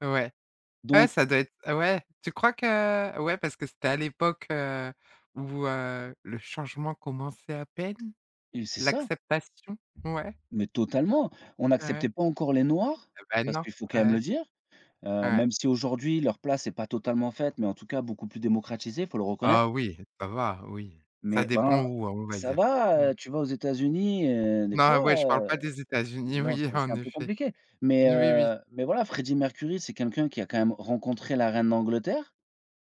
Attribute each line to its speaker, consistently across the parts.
Speaker 1: Ouais, ouais
Speaker 2: Donc
Speaker 1: ça doit être ouais, tu crois que ouais parce que c'était à l'époque, heu, où, heu, le changement commençait à peine,
Speaker 2: Et c'est ça.
Speaker 1: l'acceptation, ouais.
Speaker 2: Mais totalement! On
Speaker 1: Ouais.
Speaker 2: n'acceptait pas encore les noirs,
Speaker 1: Heu, bah
Speaker 2: parce
Speaker 1: non.
Speaker 2: qu'il faut quand même le
Speaker 1: Ouais.
Speaker 2: dire, heu,
Speaker 1: Ouais.
Speaker 2: même si aujourd'hui leur place est pas totalement faite, mais en tout cas beaucoup plus démocratisée, faut le
Speaker 1: Ah
Speaker 2: reconnaître
Speaker 1: oui, ça va, oui. Ça
Speaker 2: mais ben
Speaker 1: dépend où, heu, on va
Speaker 2: ça
Speaker 1: dire. Mmh.
Speaker 2: va, tu vas aux États-Unis heu, des
Speaker 1: Non,
Speaker 2: fois,
Speaker 1: ouais, je parle pas des États-Unis,
Speaker 2: bon,
Speaker 1: oui
Speaker 2: c'est c'est
Speaker 1: en
Speaker 2: un peu
Speaker 1: effet.
Speaker 2: compliqué. Mais,
Speaker 1: N oui, oui.
Speaker 2: heu, mais voilà Freddie Mercury c'est quelqu'un qui a quand même rencontré la reine d'Angleterre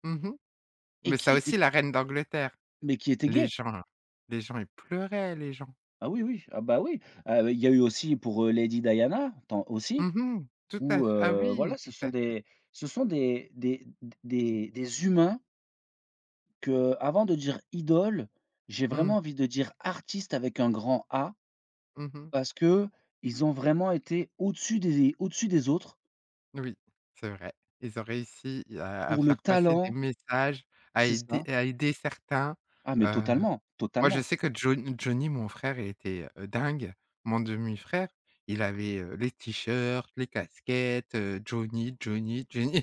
Speaker 1: Mmh mh.
Speaker 2: et
Speaker 1: Mais ça
Speaker 2: qui était
Speaker 1: aussi, la reine d'Angleterre.
Speaker 2: mais qui était
Speaker 1: Les
Speaker 2: gay.
Speaker 1: gens, les gens, ils pleuraient les gens.
Speaker 2: Ah oui oui, ah bah oui! Heu, il y a eu aussi pour, heu, Lady Diana tant aussi,
Speaker 1: Mmh mh. Tout à
Speaker 2: où,
Speaker 1: fait ah
Speaker 2: heu, voilà
Speaker 1: oui,
Speaker 2: ce
Speaker 1: tout
Speaker 2: sont
Speaker 1: à fait.
Speaker 2: des ce sont des des d des des humains qu'avant de dire idoles, j'ai vraiment
Speaker 1: Mmh.
Speaker 2: envie de dire artistes avec un grand A,
Speaker 1: Mmh mh.
Speaker 2: parce qu'ils ont vraiment été au-dessus des au-dessus des autres
Speaker 1: Oui, c'est vrai. Ils ont réussi à à
Speaker 2: pour le
Speaker 1: faire passer des
Speaker 2: talent
Speaker 1: messages, à
Speaker 2: C'est
Speaker 1: aider
Speaker 2: ça.
Speaker 1: à aider certains.
Speaker 2: Ah, mais
Speaker 1: Heu,
Speaker 2: totalement,
Speaker 1: moi je
Speaker 2: totalement.
Speaker 1: sais que John Johnny, mon frère était, heu, dingue! Mon demi-frère. Il avait, heu, les t-shirts, les casquettes, heu, Johnny, Johnny, Johnny.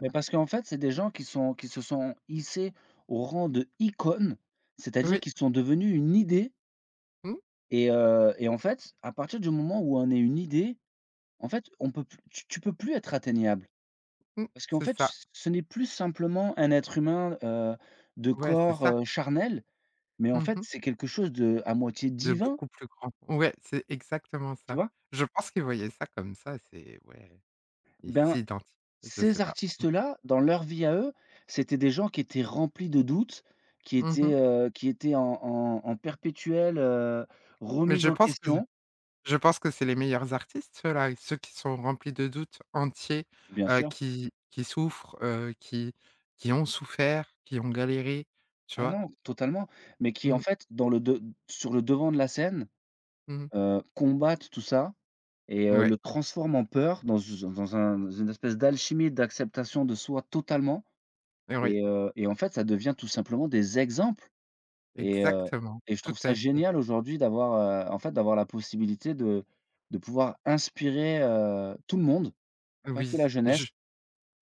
Speaker 2: Mais parce qu'en fait, c'est des gens qui sont qui se sont hissés au rang d'icône, c'est-à-dire
Speaker 1: Oui.
Speaker 2: qu'ils sont devenus une idée
Speaker 1: Mmh.
Speaker 2: et heu et en fait, à partir du moment où on est une idée, en fait on peut plus tu tu peux plus être atteignable.
Speaker 1: Mmh.
Speaker 2: Parce qu'en
Speaker 1: C'est
Speaker 2: fait
Speaker 1: ça.
Speaker 2: ce ce n'est plus simplement un être humain, heu, de
Speaker 1: Ouais, c'est
Speaker 2: corps,
Speaker 1: ça.
Speaker 2: heu, charnel, mais en
Speaker 1: Mmh
Speaker 2: fait
Speaker 1: mh.
Speaker 2: c'est quelque chose d'à moitié
Speaker 1: De
Speaker 2: divin
Speaker 1: beaucoup plus grand. Ouais, c'est exactement
Speaker 2: tu
Speaker 1: ça.
Speaker 2: vois?
Speaker 1: Je pense qu'il voyait ça comme ça, c'est ouais. Il
Speaker 2: Ben,
Speaker 1: s'identi je sais
Speaker 2: ces
Speaker 1: pas.
Speaker 2: artistes
Speaker 1: Mmh.
Speaker 2: là dans leur vie à eux, c'était des gens qui étaient remplis de doutes, qui
Speaker 1: Mmh
Speaker 2: étaient,
Speaker 1: mh.
Speaker 2: heu, qui étaient en en en perpétuelle, heu,
Speaker 1: Mais
Speaker 2: remise
Speaker 1: je
Speaker 2: en
Speaker 1: pense que
Speaker 2: question.
Speaker 1: je pense que c'est les meilleurs artistes ceux là. Ceux qui sont remplis de doutes, entiers,
Speaker 2: Bien
Speaker 1: heu,
Speaker 2: sûr.
Speaker 1: qui qui souffrent, heu, qui qui ont souffert, qui ont galéré, tu
Speaker 2: Ah
Speaker 1: vois?
Speaker 2: non, totalement, mais qui en
Speaker 1: Mmh.
Speaker 2: fait dans le de sur le devant de la scène,
Speaker 1: Mmh.
Speaker 2: heu, combattent tout ça et heu,
Speaker 1: Ouais.
Speaker 2: le transforment en peur dans, heu, dans u d dans un dans une espèce d'alchimie d'acceptation de soi totalement
Speaker 1: Oui.
Speaker 2: et heu et en fait ça devient tout simplement des exemples et heu
Speaker 1: Exactement,
Speaker 2: et je
Speaker 1: tout
Speaker 2: trouve ça
Speaker 1: à fait.
Speaker 2: génial aujourd'hui d'avoir, heu, en fait d'avoir la possibilité de de pouvoir inspirer, heu, tout le monde, pas que
Speaker 1: Oui
Speaker 2: la
Speaker 1: je
Speaker 2: jeunesse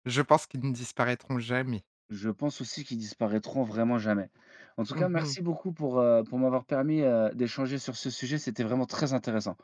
Speaker 1: je pense qu'ils ne disparaîtront jamais.
Speaker 2: Je pense aussi qu'ils disparaîtront vraiment jamais. En tout cas,
Speaker 1: Mmh mh.
Speaker 2: merci beaucoup pour, heu, pour m'avoir permis, heu, d'échanger sur ce sujet, c'était vraiment très intéressant.